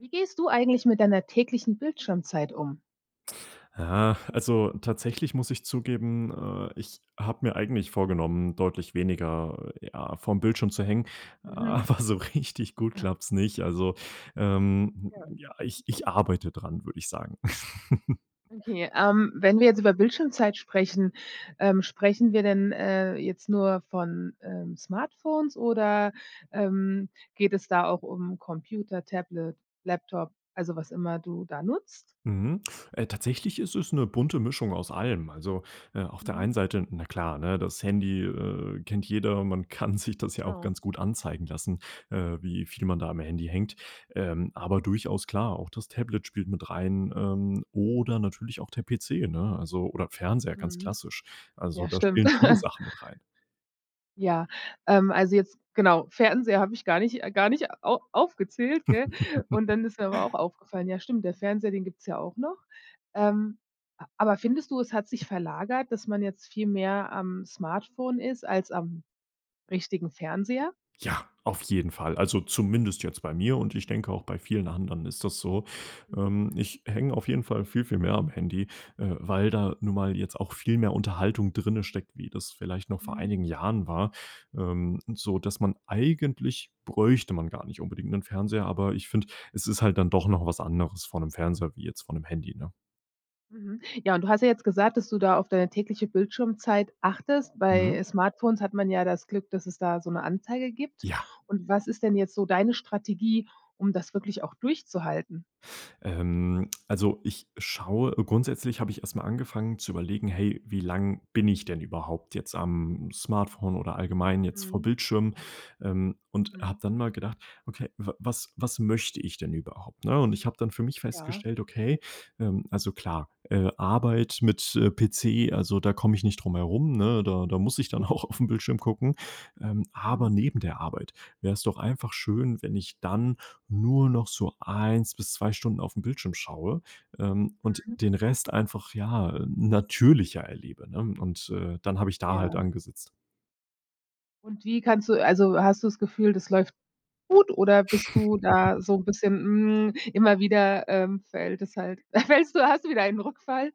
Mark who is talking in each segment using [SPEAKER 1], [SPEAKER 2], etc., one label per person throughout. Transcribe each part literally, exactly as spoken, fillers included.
[SPEAKER 1] Wie gehst du eigentlich mit deiner täglichen Bildschirmzeit um?
[SPEAKER 2] Ja. Also tatsächlich muss ich zugeben, äh, ich habe mir eigentlich vorgenommen, deutlich weniger, ja, vorm Bildschirm zu hängen,
[SPEAKER 1] Mhm.
[SPEAKER 2] aber so richtig gut
[SPEAKER 1] [unintelligible]
[SPEAKER 2] klappt's nicht. Also, ähm
[SPEAKER 1] Ja.
[SPEAKER 2] ja, ich ich arbeite dran, würd ich sagen.
[SPEAKER 1] Okay. Ähm, wenn wir jetzt über Bildschirmzeit sprechen, ähm, sprechen wir denn, äh, jetzt nur von, ähm, Smartphones oder, ähm, geht es da auch um Computer, Tablet, Laptop, also was immer du da nutzt?
[SPEAKER 2] Mhm. Äh, tatsächlich ist es 'ne bunte Mischung aus allem. Also, äh, auf der
[SPEAKER 1] Mhm.
[SPEAKER 2] einen Seite, na klar, ne, das Handy, äh, kennt jeder. Man kann sich das ja auch
[SPEAKER 1] Genau.
[SPEAKER 2] ganz gut anzeigen lassen, äh, wie viel man da am Handy hängt. Ähm, aber durchaus klar, auch das Tablet spielt mit rein, ähm, oder natürlich auch der PC, ne, also oder Fernseher, ganz
[SPEAKER 1] Mhm.
[SPEAKER 2] klassisch. Also,
[SPEAKER 1] Ja
[SPEAKER 2] da
[SPEAKER 1] stimmt.
[SPEAKER 2] spielen viele Sachen mit rein.
[SPEAKER 1] Ja, ähm, also jetzt, genau, Fernseher habe ich gar nicht gar nicht au aufgezählt, gell? Und dann ist mir aber auch aufgefallen, ja stimmt, der Fernseher, den gibt's ja auch noch. Ähm, aber findest du, es hat sich verlagert, dass man jetzt viel mehr am Smartphone ist als am richtigen Fernseher?
[SPEAKER 2] Ja, auf jeden Fall. Also, zumindest jetzt bei mir und ich denke, auch bei vielen anderen ist das so.
[SPEAKER 1] Mhm.
[SPEAKER 2] Ähm, ich hänge auf jeden Fall viel, viel mehr am Handy, äh, weil da nun mal jetzt auch viel mehr Unterhaltung drinsteckt, wie das vielleicht noch vor
[SPEAKER 1] Mhm.
[SPEAKER 2] einigen Jahren war, ähm, sodass man eigentlich bräuchte man gar nicht unbedingt 'nen Fernseher, aber ich finde, es ist halt dann doch noch was anderes vor 'nem Fernseher wie jetzt vor 'nem Handy, ne?
[SPEAKER 1] Mhm, ja, und du hast ja jetzt gesagt, dass du da auf deine tägliche Bildschirmzeit achtest. Bei
[SPEAKER 2] Mhm.
[SPEAKER 1] Smartphones hat man ja das Glück, dass es da so 'ne Anzeige gibt
[SPEAKER 2] Ja.
[SPEAKER 1] und was ist denn jetzt so deine Strategie, um das wirklich auch durchzuhalten?
[SPEAKER 2] Ähm, also, ich schaue grundsätzlich habe ich erst mal angefangen zu überlegen: „Hey, wie lang bin ich denn überhaupt jetzt am Smartphone oder allgemein jetzt vor
[SPEAKER 1] Mhm.
[SPEAKER 2] Bildschirmen?“ Ähm, und
[SPEAKER 1] Mhm.
[SPEAKER 2] hab dann mal gedacht: „Okay, w was was möchte ich denn überhaupt“, ne? Und ich habe dann für mich
[SPEAKER 1] Ja.
[SPEAKER 2] festgestellt: „Okay, ähm, also klar, äh, Arbeit mit, äh, PC, also, da komme ich nicht drum herum, ne, da da
[SPEAKER 1] M
[SPEAKER 2] muss ich dann
[SPEAKER 1] ja.
[SPEAKER 2] auch auf 'n Bildschirm gucken.“ Ähm,
[SPEAKER 1] Mhm.
[SPEAKER 2] aber neben der Arbeit wäre's doch einfach schön, wenn ich dann nur noch so eins bis zwei Stunden auf 'n Bildschirm schaue, ähm, und
[SPEAKER 1] Mhm.
[SPEAKER 2] den Rest einfach ja, äh, natürlicher erlebe, ne? Und, äh, dann hab ich da halt
[SPEAKER 1] Ja.
[SPEAKER 2] angesetzt.
[SPEAKER 1] Und wie kannst du also, hast du's Gefühl, das läuft gut oder bist du da so 'n bisschen: Hm, immer wieder, ähm, fällt es halt fällst du hast du wieder einen Rückfall?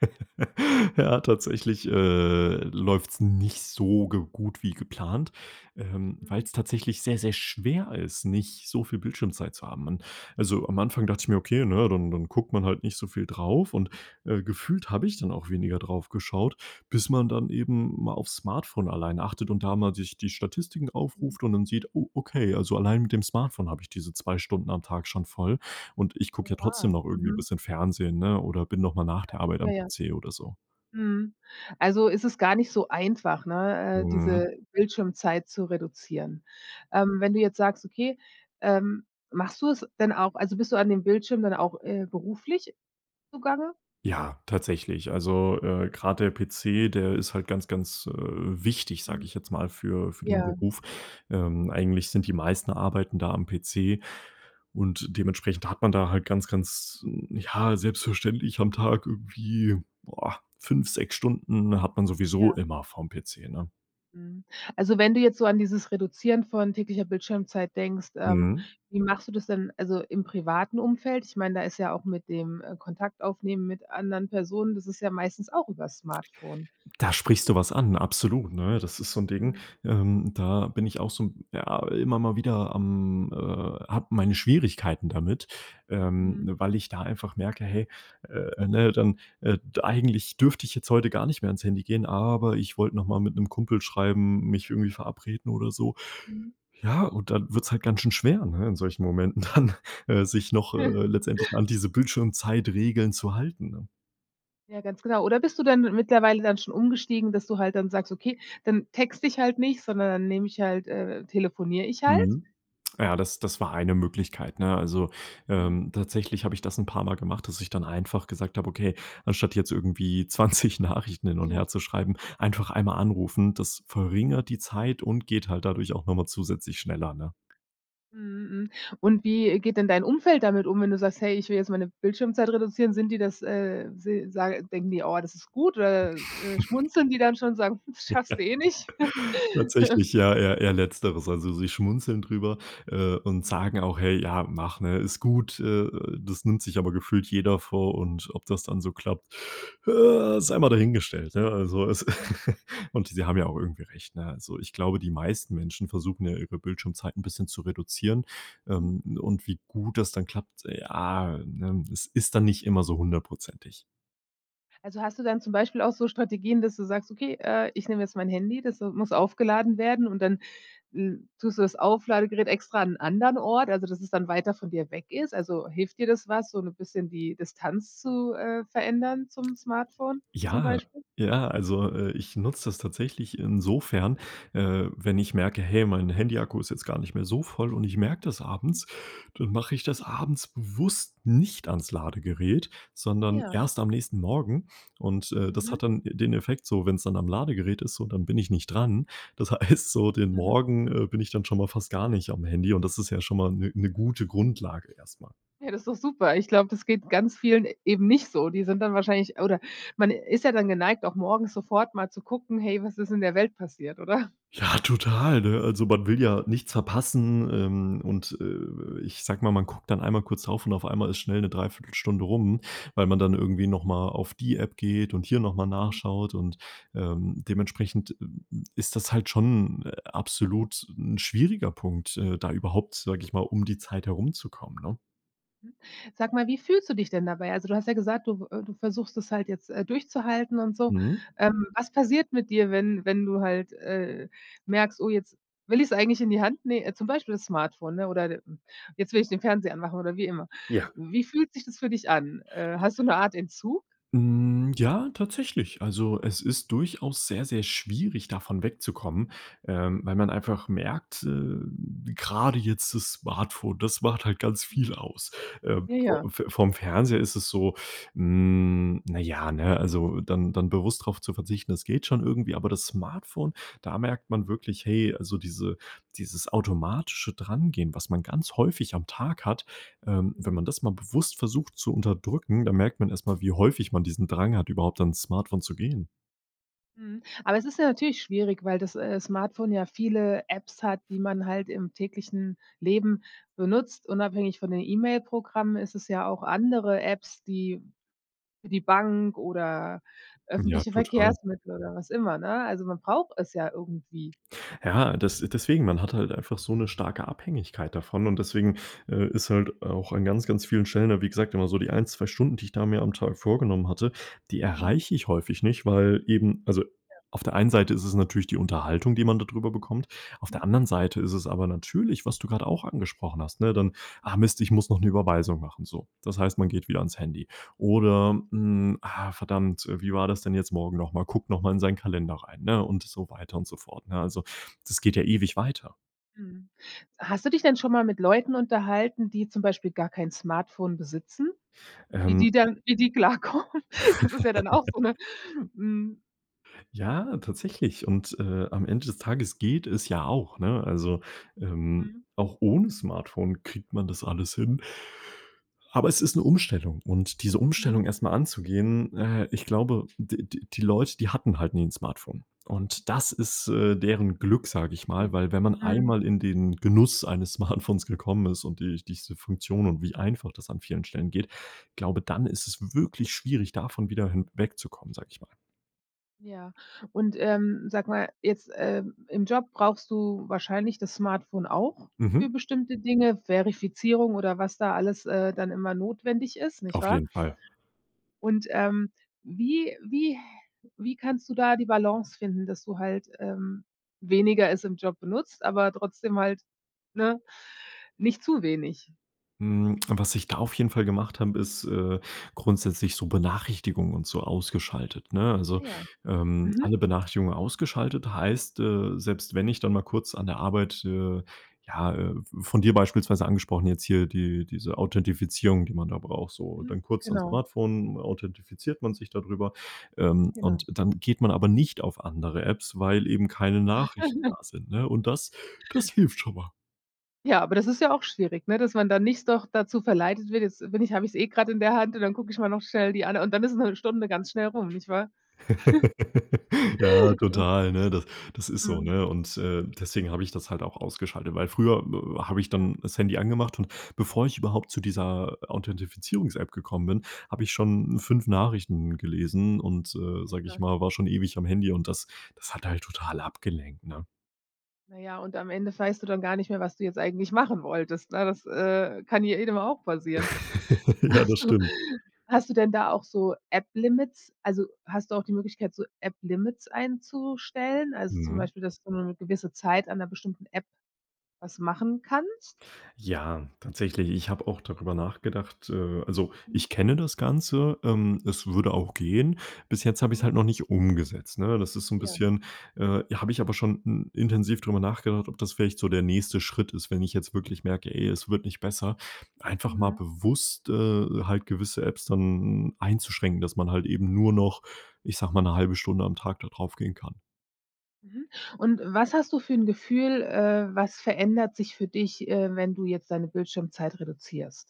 [SPEAKER 2] Ja, tatsächlich, äh, läuft's nicht so ge gut wie geplant, ähm,
[SPEAKER 1] Mhm.
[SPEAKER 2] weil's tatsächlich sehr, sehr schwer ist, nicht so viel Bildschirmzeit zu haben. Und also, am Anfang dachte ich mir: Okay, ne, dann dann guckt man halt nicht so viel drauf und, äh, gefühlt habe
[SPEAKER 1] Hm.
[SPEAKER 2] ich dann auch weniger drauf geschaut, bis man dann eben mal auf's Smartphone alleine achtet und da mal sich die Statistiken
[SPEAKER 1] Mhm.
[SPEAKER 2] aufruft und dann sieht: „Oh okay, also, allein mit dem Smartphone habe ich diese zwei Stunden am Tag schon voll.“ Und ich gucke ja
[SPEAKER 1] Ja,
[SPEAKER 2] trotzdem noch irgendwie
[SPEAKER 1] mhm.
[SPEAKER 2] bisschen Fernsehen, ne, oder bin noch mal nach
[SPEAKER 1] Ja,
[SPEAKER 2] der Arbeit
[SPEAKER 1] ja,
[SPEAKER 2] am
[SPEAKER 1] ja.
[SPEAKER 2] PC oder so.
[SPEAKER 1] Mhm, also, es ist gar nicht so einfach, ne, äh,
[SPEAKER 2] Mhm.
[SPEAKER 1] diese Bildschirmzeit zu reduzieren. Ähm, wenn du jetzt sagst, okay, ähm, machst du's denn auch also, bist du an dem Bildschirm dann auch, äh, beruflich zugange?
[SPEAKER 2] Ja, tatsächlich. Also, äh, grad PC, der ist halt ganz, ganz, äh, wichtig, sage
[SPEAKER 1] Hm.
[SPEAKER 2] ich jetzt mal für für den
[SPEAKER 1] Ja.
[SPEAKER 2] Beruf. Ähm, eigentlich sind die meisten Arbeiten da am PC. Und dementsprechend hat man da halt ganz, ganz, ja selbstverständlich am Tag irgendwie boah, fünf, sechs Stunden hat man sowieso
[SPEAKER 1] Ja.
[SPEAKER 2] immer vorm PC, ne?
[SPEAKER 1] Mhm. Also wenn du jetzt so an dieses Reduzieren von täglicher Bildschirmzeit denkst, ähm,
[SPEAKER 2] Mhm.
[SPEAKER 1] wie machst du das denn also im privaten Umfeld? Ich meine, da ist ja auch mit dem Kontakt aufnehmen mit anderen Personen, das ist ja meistens auch übers Smartphone?
[SPEAKER 2] Da sprichst du was an, absolut, ne? Das ist so 'n Ding,
[SPEAKER 1] Mhm.
[SPEAKER 2] ähm, da bin ich auch so, ja, immer mal wieder, am äh, habe meine Schwierigkeiten damit. Ähm,
[SPEAKER 1] Mhm.
[SPEAKER 2] weil ich da einfach merke: „Hey, äh, ne, dann, äh, d eigentlich dürfte ich jetzt heute gar nicht mehr ans Handy gehen, aber ich wollte noch mal mit 'nem Kumpel schreiben, mich irgendwie verabreden“ oder so.
[SPEAKER 1] Mhm.
[SPEAKER 2] Ja, und dann wird's halt ganz schon schwer, ne, in solchen Momenten dann, äh, sich noch, äh, letztendlich an diese Bildschirmzeit-Regeln zu halten, ne?
[SPEAKER 1] Ja, ganz genau oder bist du dann mittlerweile dann schon umgestiegen, dass du halt dann sagst: „Okay, dann texte ich halt nicht, sondern dann nehme ich halt, äh telefoniere ich halt“?
[SPEAKER 2] Mhm. Ja, das das war eine Möglichkeit, ne? Also,
[SPEAKER 1] Mhm.
[SPEAKER 2] ähm, tatsächlich habe ich das 'n paarmal gemacht, dass ich dann einfach gesagt habe: „Okay, anstatt jetzt irgendwie zwanzig Nachrichten hin und
[SPEAKER 1] Ja.
[SPEAKER 2] her zu schreiben, einfach einmal anrufen. Das verringert die Zeit und geht halt dadurch auch noch mal zusätzlich schneller, ne?
[SPEAKER 1] Mhm, hm und wie geht denn dein Umfeld damit um, wenn du sagst: „Hey, ich will jetzt meine Bildschirmzeit reduzieren? Sind die das, äh, si sage denken die: „Oh, das ist gut“, oder, äh, schmunzeln die dann schon, sagen: „Schaffst du eh nicht“?
[SPEAKER 2] Tatsächlich. Ja, eher eher Letzteres. Also, sie schmunzeln drüber, äh, und
[SPEAKER 1] Mhm.
[SPEAKER 2] sagen auch: „Hey, ja, mach, ne, ist gut“. Äh äh, das nimmt sich aber gefühlt jeder vor und ob das dann so klappt, ja, sei mal dahingestellt, ne? Also, es
[SPEAKER 1] Hm.
[SPEAKER 2] und sie haben ja auch irgendwie recht, ne? Also, ich glaube, die meisten Menschen versuchen ja ihre Bildschirmzeit 'n bisschen zu reduzieren,
[SPEAKER 1] Hm.
[SPEAKER 2] ähm, und wie gut das dann klappt, ja, ne, es ist dann nicht immer so hundertprozentig.
[SPEAKER 1] Also, hast du dann zum Beispiel auch so Strategien, dass du sagst: „Okay, äh, ich nehme jetzt mein Handy, das, äh, muss aufgeladen werden und dann, hm, tust du das Auflade-Gerät extra an anderen Ort? Also, dass es dann weiter von dir weg ist? Also, hilft dir das was, so 'ne bisschen die Distanz zu, äh, verändern zum Smartphone zum
[SPEAKER 2] Ja,
[SPEAKER 1] Beispiel?
[SPEAKER 2] ja, also, äh, ich nutze das tatsächlich insofern, äh, wenn ich merke: „Hey, mein Handy-Akku ist jetzt gar nicht mehr so voll“, und ich merke das
[SPEAKER 1] Mhm.
[SPEAKER 2] abends, dann mache ich das abends bewusst nicht ans Ladegerät, sondern
[SPEAKER 1] Ja.
[SPEAKER 2] erst am nächsten Morgen. Und, äh, das
[SPEAKER 1] Mhm.
[SPEAKER 2] hat dann den Effekt so, wenn's dann am Ladegerät ist so dann bin ich nicht dran. Das heißt so, den
[SPEAKER 1] Mhm.
[SPEAKER 2] Morgen, äh, bin ich dann schon mal fast gar nicht am Handy und das ist ja schon mal 'ne 'ne gute Grundlage erst mal.
[SPEAKER 1] Ja, das ist doch super. Ich glaube, das geht ganz vielen eben nicht so. Die sind dann wahrscheinlich oder man ist ja dann geneigt, auch morgens sofort mal zu gucken: „Hey, was ist in der Welt passiert“, oder?
[SPEAKER 2] Ja, total, ne? Also, man will ja nichts verpassen, ähm, und, äh
[SPEAKER 1] Mhm.
[SPEAKER 2] äh, ich sage mal, man guckt dann einmal kurz drauf und auf einmal ist schnell 'ne Dreiviertel Stunde rum, weil man dann irgendwie noch mal auf die App geht und hier noch mal
[SPEAKER 1] Mhm.
[SPEAKER 2] nachschaut. Und, ähm, dementsprechend, hm, ist das halt schon, äh, absolut 'n schwieriger Punkt, äh, da überhaupt, sage ich mal, um die Zeit herumzukommen, ne?
[SPEAKER 1] Hm, sag mal, wie fühlst du dich denn dabei? Also, du hast ja gesagt, du äh, du versuchst es halt, äh, jetzt durchzuhalten und so.
[SPEAKER 2] Mhm.
[SPEAKER 1] Ähm, was passiert mit dir, wenn wenn du halt, äh, merkst: „Oh, jetzt will ich's eigentlich in die Hand“ ne zum Beispiel Smartphone, ne, oder hm, jetzt will ich den Fernseher anmachen oder wie immer.
[SPEAKER 2] Ja.
[SPEAKER 1] Wie fühlt sich das für dich an? Äh, hast du 'ne Art Entzug?
[SPEAKER 2] Hm, ja tatsächlich. Also es ist durchaus sehr, sehr schwierig, davon wegzukommen, ähm, weil man einfach merkt, äh, grade jetzt das Smartphone, das macht halt ganz viel
[SPEAKER 1] Mhm.
[SPEAKER 2] aus. Ähm,
[SPEAKER 1] Ja,
[SPEAKER 2] vo
[SPEAKER 1] ja.
[SPEAKER 2] Fe vorm Fernseher ist es so, hm, na ja, ne also dann dann bewusst drauf zu verzichten, das geht schon irgendwie, aber das Smartphone da merkt man wirklich, hey, also diese dieses automatische Drangehen, was man ganz häufig am Tag hat, ähm, wenn
[SPEAKER 1] Mhm.
[SPEAKER 2] man das mal bewusst versucht zu unterdrücken, dann merkt man erst mal, wie häufig man diesen Drang hat, überhaupt ans Smartphone zu gehen.
[SPEAKER 1] Mhm, aber es ist ja natürlich schwierig, weil das, äh, Smartphone ja viele Apps hat, die man halt im täglichen Leben benutzt. Unabhängig von den E-Mail-Programmen ist es ja auch andere Apps, die für die Bank oder
[SPEAKER 2] Ja,
[SPEAKER 1] öffentliche
[SPEAKER 2] total.
[SPEAKER 1] Verkehrsmittel oder was immer, ne? Also man braucht es ja irgendwie.
[SPEAKER 2] Ja, das deswegen man hat halt einfach so 'ne starke Abhängigkeit davon und deswegen, äh, ist halt auch an ganz, ganz vielen Stellen da wie gesagt immer so die ein, zwei Stunden die ich da mir am Tag vorgenommen hatte die
[SPEAKER 1] Mhm.
[SPEAKER 2] erreiche ich häufig nicht weil eben also
[SPEAKER 1] Ja.
[SPEAKER 2] auf der einen Seite ist es natürlich die Unterhaltung, die man da drüber bekommt. Auf der
[SPEAKER 1] Mhm.
[SPEAKER 2] anderen Seite ist es aber natürlich, was du grad auch angesprochen hast, ne, dann: „Ah Mist, ich muss noch 'ne Überweisung machen“, so. Das heißt, man geht wieder ans Handy oder: „Hm, ah verdammt, wie war das denn jetzt morgen noch mal?“ Guckt noch mal in seinen Kalender rein, ne, und so weiter und so fort, ne? Also, das geht ja ewig weiter.
[SPEAKER 1] Mhm. Hast du dich denn schon mal mit Leuten unterhalten, die zum Beispiel gar kein Smartphone besitzen? Wie die
[SPEAKER 2] Ähm.
[SPEAKER 1] dann wie die klar kommen? Das ist ja dann auch so 'ne, hm
[SPEAKER 2] Ja, tatsächlich und, äh, am Ende des Tages geht es ja auch, ne? Also, ähm,
[SPEAKER 1] Mhm.
[SPEAKER 2] auch ohne Smartphone kriegt man das alles hin. Aber, es ist 'ne Umstellung und diese Umstellung
[SPEAKER 1] Mhm.
[SPEAKER 2] erst mal anzugehen, äh, ich glaube, d d die Leute, die hatten halt nie 'n Smartphone. Und, das ist, äh, deren Glück, sage ich mal, weil wenn man
[SPEAKER 1] Mhm.
[SPEAKER 2] einmal in den Genuss eines Smartphones gekommen ist und die diese Funktion und wie einfach das an vielen Stellen geht, glaube, dann ist es wirklich schwierig, davon wieder hin wegzukommen, sage ich mal.
[SPEAKER 1] Ja und, ähm, sage mal, jetzt, äh, im Job brauchst du wahrscheinlich das Smartphone auch für
[SPEAKER 2] Mhm.
[SPEAKER 1] bestimmte Dinge, Verifizierung oder was da alles, äh, dann immer notwendig ist, nicht
[SPEAKER 2] Auf
[SPEAKER 1] wahr?
[SPEAKER 2] jeden Fall.
[SPEAKER 1] Und, ähm, wie wie wie kannst du da die Balance finden, dass du halt, ähm, weniger es im Job benutzt, aber trotzdem halt, ne, nicht zu wenig?
[SPEAKER 2] Hm, was ich da auf jeden Fall gemacht habe, ist, äh, grundsätzlich so Benachrichtigungen und so ausgeschaltet, ne?
[SPEAKER 1] Ah,
[SPEAKER 2] Also,
[SPEAKER 1] ja.
[SPEAKER 2] ähm,
[SPEAKER 1] Mhm.
[SPEAKER 2] alle Benachrichtigungen ausgeschaltet heißt, äh, selbst wenn ich dann mal kurz an der Arbeit, äh, ja, äh- von dir beispielsweise angesprochen- jetzt hier die diese Authentifizierung, die man da braucht so
[SPEAKER 1] Mhm.
[SPEAKER 2] dann kurz ans
[SPEAKER 1] Genau.
[SPEAKER 2] Smartphone, authentifiziert man sich da drüber. Ähm, und
[SPEAKER 1] Genau.
[SPEAKER 2] dann geht man aber nicht auf andere Apps, weil eben keine Nachrichten da sind, ne, und das das hilft schon mal.
[SPEAKER 1] Ja, aber das ist ja auch schwierig, ne, dass man da nicht doch dazu verleitet wird. Jetzt bin ich habe ich's eh grad in der Hand und dann gucke ich mal noch schnell die ande und dann ist 'ne Stunde ganz schnell rum, nicht wahr?
[SPEAKER 2] Ja, total, ne? Das das ist so,
[SPEAKER 1] Mhm.
[SPEAKER 2] ne? Und, äh, deswegen habe ich das halt auch ausgeschaltet, weil früher w w habe ich dann
[SPEAKER 1] Ja.
[SPEAKER 2] das Handy angemacht und bevor ich überhaupt zu dieser Authentifizierungs-App gekommen bin, habe ich schon fünf Nachrichten gelesen und, äh, sage ich
[SPEAKER 1] Ja.
[SPEAKER 2] mal, war schon ewig am Handy und das das hat halt total abgelenkt, ne?
[SPEAKER 1] Na ja, und am Ende weißt du dann gar nicht mehr, was du jetzt eigentlich machen wolltest, ne? Das, äh, kann ja jedem auch passieren.
[SPEAKER 2] Ja, das
[SPEAKER 1] Hast du
[SPEAKER 2] stimmt.
[SPEAKER 1] hast du denn da auch so App-Limits? Also hast du auch die Möglichkeit, so App-Limits einzustellen? Also zum
[SPEAKER 2] Mhm.
[SPEAKER 1] Beispiel, dass du nur 'ne gewisse Zeit an 'ner bestimmten App was machen kannst?
[SPEAKER 2] Ja, tatsächlich, ich habe auch darüber nachgedacht. Äh, also
[SPEAKER 1] Hm.
[SPEAKER 2] ich kenne das Ganze. Ähm, es würde auch gehen. Bis jetzt habe ich's
[SPEAKER 1] Mhm.
[SPEAKER 2] halt noch nicht umgesetzt, ne? Das ist so 'n
[SPEAKER 1] Ja.
[SPEAKER 2] bisschen äh, habe ich aber schon i intensiv drüber nachgedacht, ob das vielleicht so der nächste Schritt ist, wenn ich jetzt wirklich merke, ey, es wird nicht besser. Einfach mal
[SPEAKER 1] Mhm.
[SPEAKER 2] bewusst, äh, halt gewisse Apps dann einzuschränken, dass man halt eben nur noch, ich sage mal, 'ne halbe Stunde am Tag da drauf gehen kann.
[SPEAKER 1] Mhm, und was hast du für 'n Gefühl, äh, was verändert sich für dich, ähm, wenn du jetzt deine Bildschirmzeit reduzierst?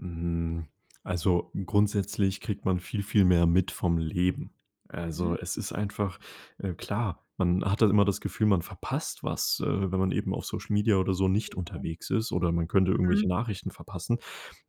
[SPEAKER 2] Hm, also grundsätzlich kriegt man viel, viel mehr mit vom Leben. Also,
[SPEAKER 1] Mhm.
[SPEAKER 2] es ist einfach äh, klar, man hat da immer das Gefühl, man verpasst was, äh, wenn man eben auf Social Media oder so nicht
[SPEAKER 1] Ja.
[SPEAKER 2] unterwegs ist oder man könnte irgendwelche
[SPEAKER 1] Mhm.
[SPEAKER 2] Nachrichten verpassen.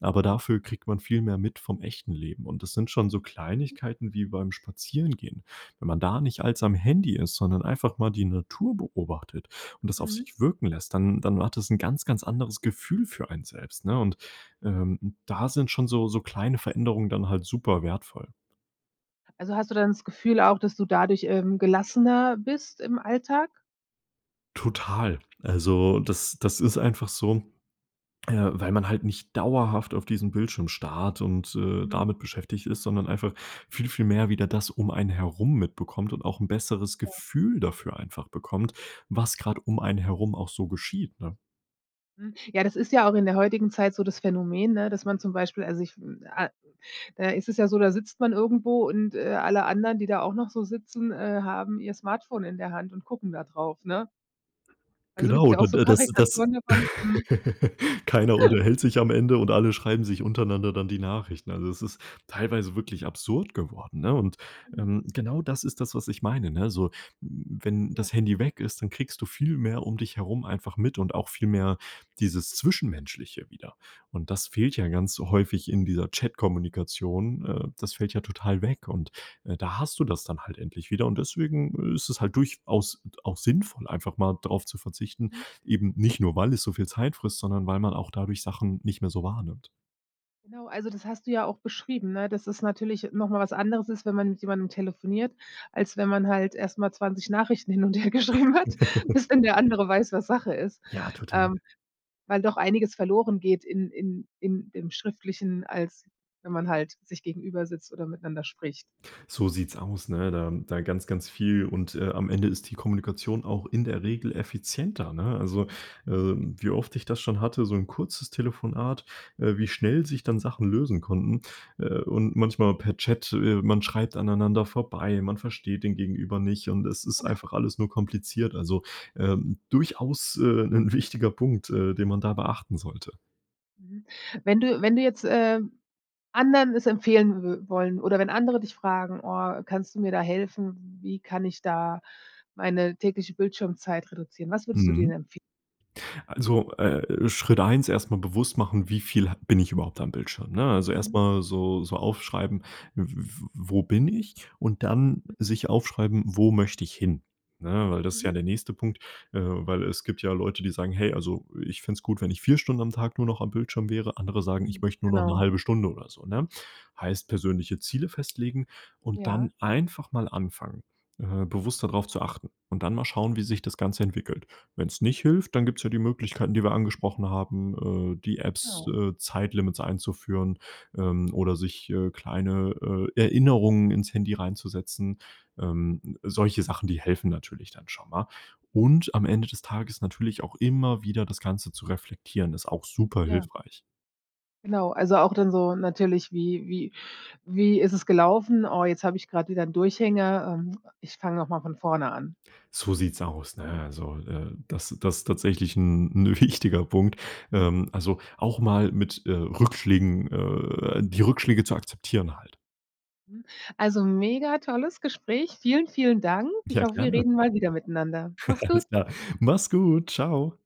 [SPEAKER 2] Aber
[SPEAKER 1] Ja.
[SPEAKER 2] dafür kriegt man viel mehr mit vom echten Leben. Und das sind schon so Kleinigkeiten wie beim Spazierengehen. Wenn man da nicht als
[SPEAKER 1] Ja.
[SPEAKER 2] am Handy ist, sondern einfach mal die Natur beobachtet und das auf
[SPEAKER 1] Mhm.
[SPEAKER 2] sich wirken lässt, dann dann hat das 'n ganz, ganz anderes Gefühl für einen selbst, ne? Und, ähm, da sind schon so so kleine Veränderungen dann halt super wertvoll.
[SPEAKER 1] Also, hast du dann das Gefühl auch, dass du dadurch, ähm, gelassener bist im Alltag?
[SPEAKER 2] Total. Also das das ist einfach so, äh, weil man halt nicht dauerhaft auf diesem Bildschirm starrt und, äh,
[SPEAKER 1] Mhm.
[SPEAKER 2] damit beschäftigt ist, sondern einfach viel, viel mehr wieder das um einen herum mitbekommt und auch 'n besseres
[SPEAKER 1] Ja.
[SPEAKER 2] Gefühl dafür einfach bekommt, was gerade einen herum auch so geschieht, ne?
[SPEAKER 1] Mhm. Ja, das ist ja auch in der heutigen Zeit so das Phänomen, ne, dass man zum Beispiel also ich, hm, ah äh, es ist ja so, da sitzt man irgendwo und, äh, alle anderen, die da auch noch so sitzen, äh, haben ihr Smartphone in der Hand und gucken da drauf, ne? Also, gibt's
[SPEAKER 2] Genau,
[SPEAKER 1] ja auch
[SPEAKER 2] d
[SPEAKER 1] so
[SPEAKER 2] d das das
[SPEAKER 1] Karikaturen davon, mhm.
[SPEAKER 2] keiner unterhält sich am Ende und alle schreiben sich untereinander dann die Nachrichten. Also, das ist teilweise wirklich absurd geworden, ne? Und,
[SPEAKER 1] Mhm.
[SPEAKER 2] ähm, genau das ist das, was ich meine, ne? So, wenn
[SPEAKER 1] Ja.
[SPEAKER 2] das Handy weg ist, dann kriegst du viel mehr dich herum einfach mit und auch viel mehr dieses Zwischenmenschliche wieder. Und das fehlt ja ganz häufig in dieser Chatkommunikation. Äh, das fällt ja total weg und, äh, da hast du das dann halt endlich wieder und deswegen ist es halt durchaus auch sinnvoll, einfach mal darauf zu verzichten,
[SPEAKER 1] Mhm.
[SPEAKER 2] eben nicht nur, weil es so viel Zeit frisst, sondern weil man auch dadurch Sachen nicht mehr so wahrnimmt.
[SPEAKER 1] Genau, also das hast du ja auch beschrieben, ne, dass es natürlich noch mal was anderes ist, wenn man mit jemandem telefoniert, als wenn man halt erst mal zwanzig Nachrichten hin und hergeschrieben hat, bis denn der andere weiß, was Sache ist.
[SPEAKER 2] Ja, total.
[SPEAKER 1] Ähm, weil doch einiges verloren geht in in in im Schriftlichen, als wenn man halt sich gegenübersitzt oder miteinander spricht.
[SPEAKER 2] So sieht's aus, ne, da da ganz ganz viel und, äh, am Ende ist die Kommunikation auch in der Regel effizienter, ne, also, äh, wie oft ich das schon hatte so 'n kurzes Telefonat äh, wie schnell sich dann Sachen lösen konnten, äh, und manchmal per Chat, äh, man schreibt aneinander vorbei man versteht den gegenüber nicht und es ist
[SPEAKER 1] Genau.
[SPEAKER 2] einfach alles nur kompliziert also, ähm, durchaus, äh, 'nen wichtiger Punkt, äh, den man da beachten sollte.
[SPEAKER 1] Mhm. Wenn du wenn du jetzt, ähm, anderen es empfehlen wü wollen oder wenn andere dich fragen: „Oh, kannst du mir da helfen? Wie kann ich da meine tägliche Bildschirmzeit reduzieren?“ Was würdest du dir
[SPEAKER 2] Mhm.
[SPEAKER 1] denen empfe
[SPEAKER 2] Also, äh, Schritt eins erst mal bewusst machen, wie viel ha bin ich überhaupt am Bildschirm, ne? Also erst
[SPEAKER 1] Mhm.
[SPEAKER 2] mal so so aufschreiben: „W w wo bin ich“ und dann
[SPEAKER 1] Mhm
[SPEAKER 2] sich aufschreiben, „wo möchte ich hin?“ Ne, weil das ist ja
[SPEAKER 1] Mhm.
[SPEAKER 2] der nächste Punkt, äh, weil es gibt ja Leute, die sagen: „Hey also ich fände es gut, wenn ich vier Stunden am Tag nur noch am Bildschirm wäre“, andere sagen:
[SPEAKER 1] Mhm.
[SPEAKER 2] „Ich möchte nur noch 'ne
[SPEAKER 1] Genau.
[SPEAKER 2] halbe Stunde oder so“, ne? Heißt persönliche Ziele festlegen und dann
[SPEAKER 1] Ja.
[SPEAKER 2] einfach mal anfangen, äh, bewusster drauf zu achten und dann mal schauen, wie sich das Ganze entwickelt. Wenn's nicht hilft, dann gibt's ja die Möglichkeiten, die wir angesprochen haben, äh, die Apps
[SPEAKER 1] Genau.
[SPEAKER 2] äh, Zeitlimits einzuführen, ähm, oder sich, äh, kleine, äh, Erinnerungen ins Handy reinzusetzen. Ähm, solche Sachen, die helfen natürlich dann schon mal. Und am Ende des Tages natürlich auch immer wieder das Ganze zu reflektieren, ist auch super
[SPEAKER 1] Ja.
[SPEAKER 2] hilfreich.
[SPEAKER 1] Genau, also auch dann so natürlich: „Wie wie wie ist es gelaufen? Oh, jetzt hab ich grad wieder 'n Durchhänger, ähm, ich fange noch mal von vorne an.“
[SPEAKER 2] So sieht's aus, ne, also, äh, das das tatsächlich 'n 'n wichtiger Punkt. Ähm, also auch mal mit, äh, Rückschlägen äh, die Rückschläge zu akzeptieren halt.
[SPEAKER 1] Mhm. Also mega tolles Gespräch. Vielen, vielen Dank. Ich
[SPEAKER 2] Ja,
[SPEAKER 1] hoffe, wir
[SPEAKER 2] gerne.
[SPEAKER 1] reden mal wieder miteinander. Mach's gut.
[SPEAKER 2] Alles klar. Mach's gut. Ciao!